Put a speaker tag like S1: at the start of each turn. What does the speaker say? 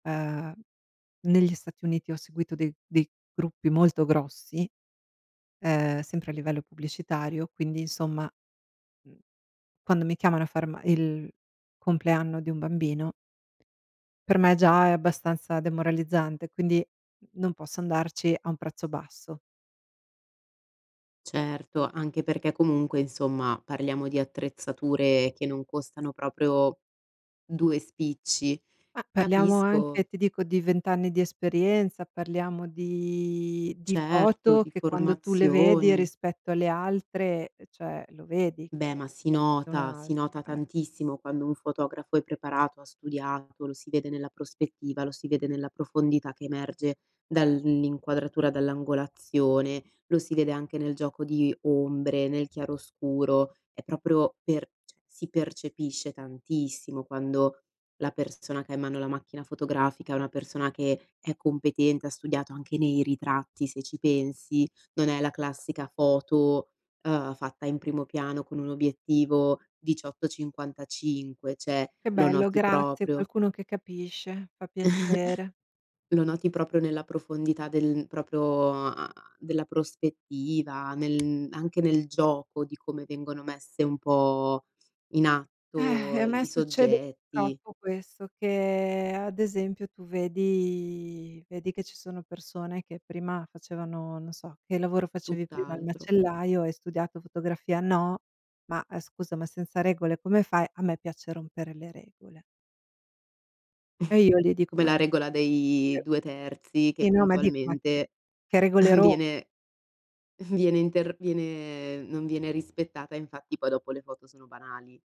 S1: Uhm, negli Stati Uniti ho seguito dei dei gruppi molto grossi, ehm, sempre a livello pubblicitario, quindi insomma, mhmm, quando mi chiamano a far ma il compleanno di un bambino per me già è abbastanza demoralizzante, quindi, n non posso andarci a un prezzo basso.
S2: Certo, anche perché comunque, insomma, parliamo di attrezzature che non costano proprio 2 spicci.
S1: Ma parliamo anche,
S2: Capisco
S1: ti dico, di 20 anni di esperienza, parliamo di di
S2: Certo,
S1: foto
S2: di
S1: che quando tu le vedi
S2: formazioni.
S1: rispetto alle altre, cioè, lo vedi
S2: Beh,
S1: che
S2: ma si
S1: [unintelligible] un
S2: nota,
S1: altro,
S2: si nota
S1: eh.
S2: tantissimo quando un fotografo è preparato, ha studiato, lo si vede nella prospettiva, lo si vede nella profondità che emerge dall'in inquadratura, dall'angolazione, lo si vede anche nel gioco di ombre, nel chiaroscuro, è proprio per cioè, si percepisce tantissimo quando la persona che ha in mano la macchina fotografica è una persona che è competente, ha studiato. Anche nei ritratti, se ci pensi, non è la classica foto, uhm, fatta in primo piano con un obiettivo 18 55, cioè,
S1: Che
S2: lo
S1: bello,
S2: noti
S1: grazie.
S2: proprio.
S1: Qualcuno che capisce, fa piacere.
S2: Lo noti proprio nella profondità del proprio, uhm, della prospettiva, nel anche nel gioco di come vengono messe un po' in
S1: Eh,
S2: atto
S1: e a me
S2: i
S1: succede
S2: soggetti.
S1: purtroppo questo: che ad esempio, tu vedi vedi che ci sono persone che prima facevano, non so: "Che lavoro facevi prima?" "Il
S2: Tutt'altro.
S1: macellaio." "E hai studiato fotografia?" "No." "Ma scusa, ma senza regole come fai?" "A me piace rompere le regole." E io gli dico:
S2: Come
S1: "Ma
S2: la
S1: che"
S2: regola dei
S1: [unintelligible]
S2: 2/3 che
S1: sì, no, ma dico: "Ma che
S2: puntualmente
S1: che regole ro"
S2: viene viene inter viene non viene rispettata, infatti poi dopo le foto sono banali.